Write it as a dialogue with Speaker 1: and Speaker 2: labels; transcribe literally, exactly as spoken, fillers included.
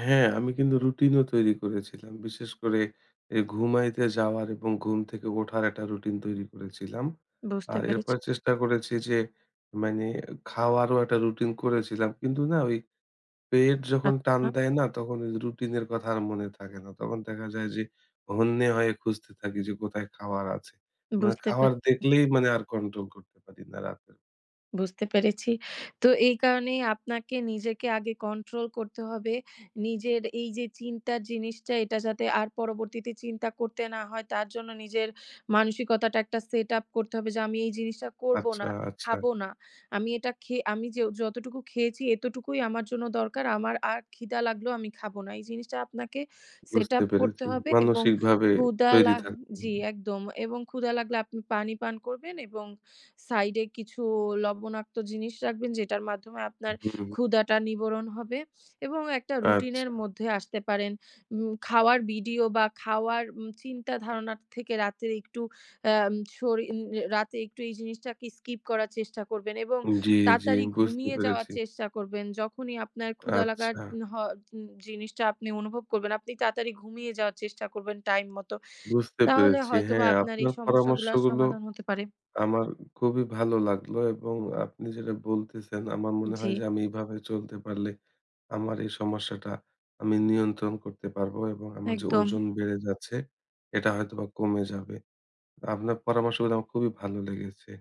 Speaker 1: হ্যাঁ, আমি কিন্তু রুটিন ও তৈরি করেছিলাম। বিশেষ করে এ ঘুমাইতে যাওয়ার এবং ঘুম থেকে ওঠার একটা রুটিন তৈরি করেছিলাম।
Speaker 2: বুঝতে
Speaker 1: আর এরপর
Speaker 2: পেরেছি।
Speaker 1: চেষ্টা করেছি যে মানে খাওয়ারও একটা রুটিন করেছিলাম। কিন্তু না ওই পেট যখন টান
Speaker 2: আচ্ছা।
Speaker 1: দেয় না তখন এইযে রুটিন এর কথা আর মনে থাকে না। তখন দেখা যায় যে হন্যে হয়ে খুঁজতে থাকি যে কোথায় খাওয়ার আছে। মানে
Speaker 2: বুঝতে
Speaker 1: খাওয়ার
Speaker 2: পেরেছি।
Speaker 1: দেখলেই মানে আর কন্ট্রোল করতে পারি না রাতে।
Speaker 2: বুঝতে পেরেছি। তো এই কারণেই আপনাকে নিজেকে আগে কন্ট্রোল করতে হবে। নিজের এই যে চিন্তার জিনিসটা এটা যাতে আর পরবর্তীতে চিন্তা করতে না হয় তার জন্য নিজের মানসিকতাটা একটা সেটআপ করতে হবে যে আমি এই জিনিসটা করবো
Speaker 1: আচ্ছা,
Speaker 2: না,
Speaker 1: আচ্ছা।
Speaker 2: খাবো না। আমি এটা খেয়ে আমি যে যতটুকু খেয়েছি এতটুকুই আমার জন্য দরকার। আমার আর ক্ষিদা লাগলেও আমি খাবো না। এই জিনিসটা আপনাকে
Speaker 1: বুঝতে
Speaker 2: সেটআপ করতে
Speaker 1: পেরেছি।
Speaker 2: হবে এবং
Speaker 1: মানসিকভাবে
Speaker 2: ক্ষুধা
Speaker 1: তৈরি
Speaker 2: লা
Speaker 1: থাকবেন।
Speaker 2: জি একদম এবং ক্ষুধা লাগলে আপনি পানি পান করবেন এবং সাইড এ কিছু লবণাক্ত জিনিস রাখবেন যেটার মাধ্যমে আপনার
Speaker 1: হুম।
Speaker 2: ক্ষুধাটা নিবারণ হবে এবং একটা রুটিন এর
Speaker 1: আচ্ছা।
Speaker 2: মধ্যে আসতে পারেন। উম খাওয়ার ভিডিও বা খাওয়ার উম চিন্তা ধারণা থেকে রাতে একটু আম সরিন অ্যা রাতে একটু এই জিনিসটা কে স্কিপ করার চেষ্টা করবেন এবং
Speaker 1: উম জি, জি,
Speaker 2: তাড়াতাড়ি
Speaker 1: বুঝতে
Speaker 2: ঘুমিয়ে যাওয়ার
Speaker 1: পেরেছি।
Speaker 2: চেষ্টা করবেন। যখনই আপনার ক্ষুধা লাগার
Speaker 1: আচ্ছা।
Speaker 2: উন হ উন জিনিসটা আপনি অনুভব করবেন, আপনি তাড়াতাড়ি ঘুমিয়ে যাওয়ার চেষ্টা করবেন টাইম মতো।
Speaker 1: বুঝতে
Speaker 2: তাহলে
Speaker 1: পেরেছি।
Speaker 2: হয়তোবা
Speaker 1: হ্যাঁ,
Speaker 2: আপনার এই
Speaker 1: আপনার
Speaker 2: সমস্যাগুলার
Speaker 1: পরামর্শগুলো।
Speaker 2: সমাধান হতে পারে।
Speaker 1: আমার খুবই ভালো লাগলো এবং আপনি যেটা বলতেছেন আমার মনে হয়
Speaker 2: জি।
Speaker 1: যে আমি এভাবে চলতে পারলে আমার এই সমস্যাটা আমি নিয়ন্ত্রণ করতে পারবো এবং আমার যে
Speaker 2: একদম।
Speaker 1: ওজন বেড়ে যাচ্ছে এটা হয়তোবা কমে যাবে। আপনার পরামর্শগুলো আমার খুবই ভালো লেগেছে।